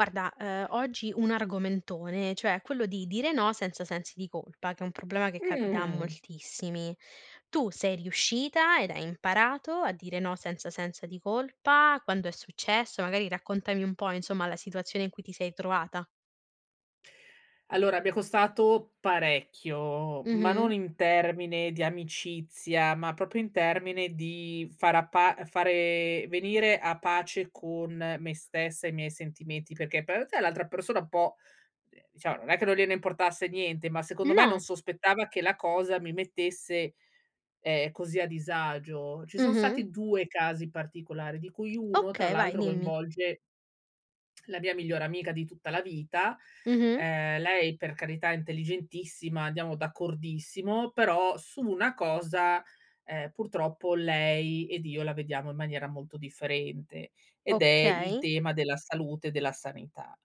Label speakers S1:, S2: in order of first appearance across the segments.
S1: Guarda, ehm, oggi un argomentone, cioè è quello di dire no senza sensi di colpa, che è un problema che capita a
S2: Mh-mh-mh.
S1: moltissimi. Tu sei riuscita ed hai imparato a dire no senza sensi di colpa? Quando è successo? Magari raccontami un po' insomma la situazione in cui ti sei trovata.
S2: Allora mi è costato parecchio, ma
S1: Mh-mh.
S2: non in termine di amicizia, ma proprio in termine di far appa uhm, fare venire a pace con me stessa e i miei sentimenti, perché p ete l'altra persona un po', ehm, diciamo, non è che non gliene importasse niente, ma secondo me non
S1: No.
S2: sospettava che la cosa mi mettesse, ehm, così a disagio. Ci son
S1: Mh-mh.
S2: stati 2 casi particolari di cui 1 tra
S1: Okay, vai,
S2: l'altro
S1: dimmi.
S2: coinvolge la mia migliore amica di tutta la vita.
S1: Mh-mh.
S2: Ehm, lei per carità intelligentissima, andiamo d'accordissimo, però su 1 cosa, ehm, purtroppo lei ed io la vediamo in maniera molto differente. Ed è il
S1: Okay.
S2: tema della salute e della sanità,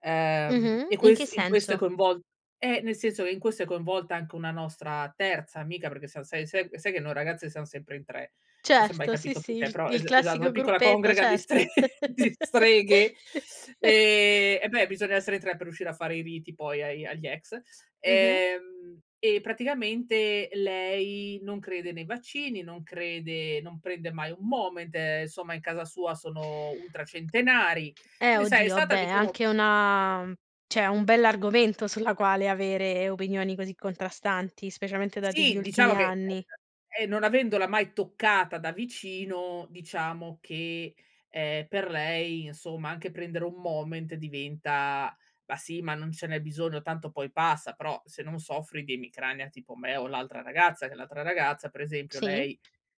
S2: ehm,
S1: Mh-mh.
S2: e
S1: In che
S2: ques in questo è
S1: senso?
S2: coinvol eh, nel senso e in questo è coinvolta anche una nostra terza amica perché sai se se ehm, se che no ragazze siamo sempre in 3, non s'è mai
S1: Certo, sì,
S2: capito
S1: sì,
S2: perché,
S1: il
S2: però
S1: il
S2: es esatto, una
S1: classico
S2: piccola
S1: gruppetto,
S2: congrega di stre
S1: certo.
S2: di streghe, ehm, eh beh, bisogna essere in 3 per riuscire a fare i riti poi ai agli ex.
S1: Mh-mh.
S2: Ehm, e praticamente lei non crede nei vaccini, non crede non prende mai un Moment, ehm, in casa sua sono ultracentenari.
S1: Eh,
S2: Quindi sai è
S1: oddio, ah,
S2: stata
S1: beh,
S2: diciamo
S1: anche è una cioè un bell'argomento sulla quale avere opinioni così contrastanti, specialmente dati gli
S2: Sì, diciamo
S1: ultimi
S2: che
S1: anni.
S2: [unintelligible] eh, non avendola mai toccata da vicino diciamo che, ehm, per lei insomma anche prendere un Moment diventa: "Ma sì ma non ce n'è bisogno, tanto poi passa." Però se non soffri di emicrania tipo me o l'altra ragazza che l'altra ragazza per esempio
S1: Sì.
S2: lei,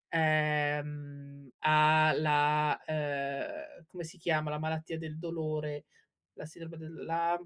S2: ehm, ha la ehm, come si chiama, la malattia del dolore, la sindrome del la